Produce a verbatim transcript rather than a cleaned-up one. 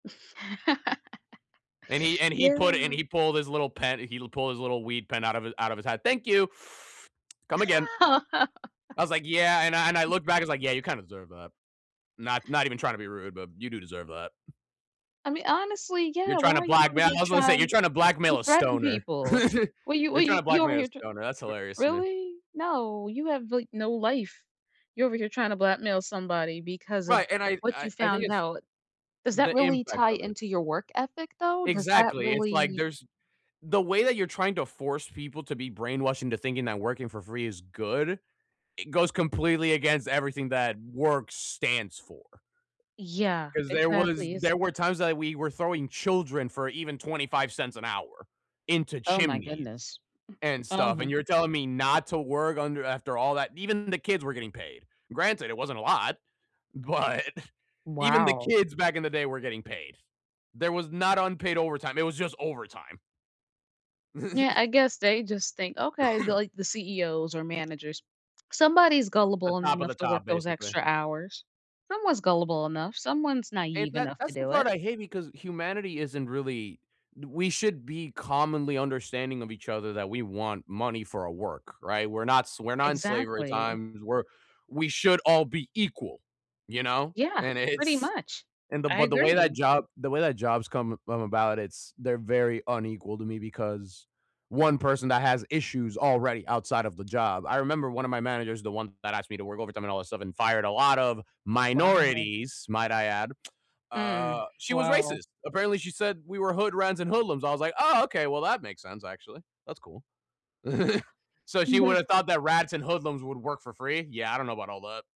And he and he Yeah. put and he pulled his little pen he pulled his little weed pen out of out of his hat, "Thank you, come again." I was like, "Yeah," and I and I looked back, was like, "Yeah, you kinda deserve that. Not not even trying to be rude, but you do deserve that." I mean, honestly, You're yeah, why trying to are you over blackmail here I was gonna say, you're trying trying to to blackmail a threaten stoner. people? Well, you You're trying to you over blackmail a here, tr stoner, that's r hilarious to me. really? No, you have, like, no life. You're over here trying to blackmail somebody because of Right, and I what I you I think found it's out. Does that the really impact tie of it. into your work ethic though? Does that Exactly, it's, like, really there's the way that you're trying to force people to be brainwashed into thinking that working for free is good, it goes completely against everything that work stands for. Yeah. 'Cause there was Exactly, it's there were times that we were throwing children for even twenty-five cents an hour into Oh my chimneys goodness. and Oh stuff, my and go you're telling me not to work under after all that. Even the kids were getting paid. Granted, it wasn't a lot, but even the Wow. kids back in the day were getting paid. There was not unpaid overtime, it was just overtime. Yeah, I guess they just think, okay, the like, the CEOs or managers, somebody's The gullible top of the enough to work top, those basically. extra hours. Someone's gullible enough, someone's And naive that enough to that's the do part it. I hate because humanity isn't really we should be commonly understanding of each other that we want money for our work, right? We're not s we're not in slavery Exactly. times. We're we should all be equal, you know? Yeah, And pretty it's much. and the I but the way that agree. job the way that jobs come come about, it's they're very unequal to me because one person that has issues already outside of the job. I remember one of my managers, the one that asked me to work overtime and all that stuff and fired a lot of Wow. minorities, might I add, uh, Mm, she was wow. racist. Apparently, she said we were hood rats and hoodlums. I was like, "Oh, okay, well, that makes sense, actually. That's cool." So she would have No. thought that rats and hoodlums would work for free? Yeah, I don't know about all that.